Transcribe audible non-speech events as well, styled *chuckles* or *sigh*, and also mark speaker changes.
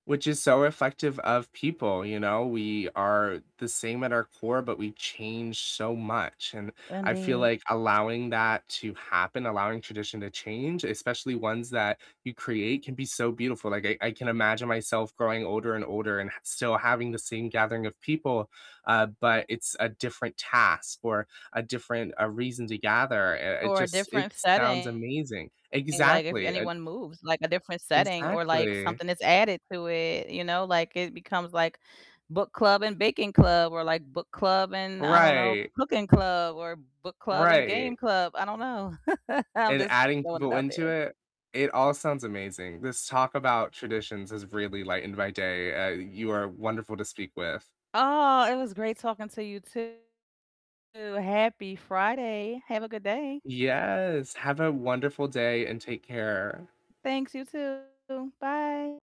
Speaker 1: Which is so reflective of people, you know? We are the same at our core, but we change so much, and
Speaker 2: And
Speaker 1: I feel
Speaker 2: the
Speaker 1: like allowing that to happen, allowing tradition to change, especially ones that you create, can be so beautiful, like, I I can imagine myself growing older and older and h still having the same gathering of people, uh, but it's a different task or a different a reason to gather. It it
Speaker 2: Or a
Speaker 1: just it
Speaker 2: different
Speaker 1: sounds
Speaker 2: setting,
Speaker 1: amazing
Speaker 2: like if
Speaker 1: Exactly. Uh
Speaker 2: anyone moves, like a different setting or like
Speaker 1: Exactly.
Speaker 2: something is added to it, you know? Like, it becomes, like book club and baking club, or like book club and I don't know,
Speaker 1: Right.
Speaker 2: cooking club, or book club and game
Speaker 1: Right.
Speaker 2: club. I don't know. *chuckles* I'm
Speaker 1: And
Speaker 2: just
Speaker 1: adding
Speaker 2: throwing it
Speaker 1: people
Speaker 2: out there.
Speaker 1: into it. It all sounds amazing. This talk about traditions has really lightened my day, uh, you are wonderful to speak with.
Speaker 2: Aw, it was great talking to you too. Happy Friday. Have a good day.
Speaker 1: Yes, have a wonderful day and take care.
Speaker 2: Thanks, you too. Bye.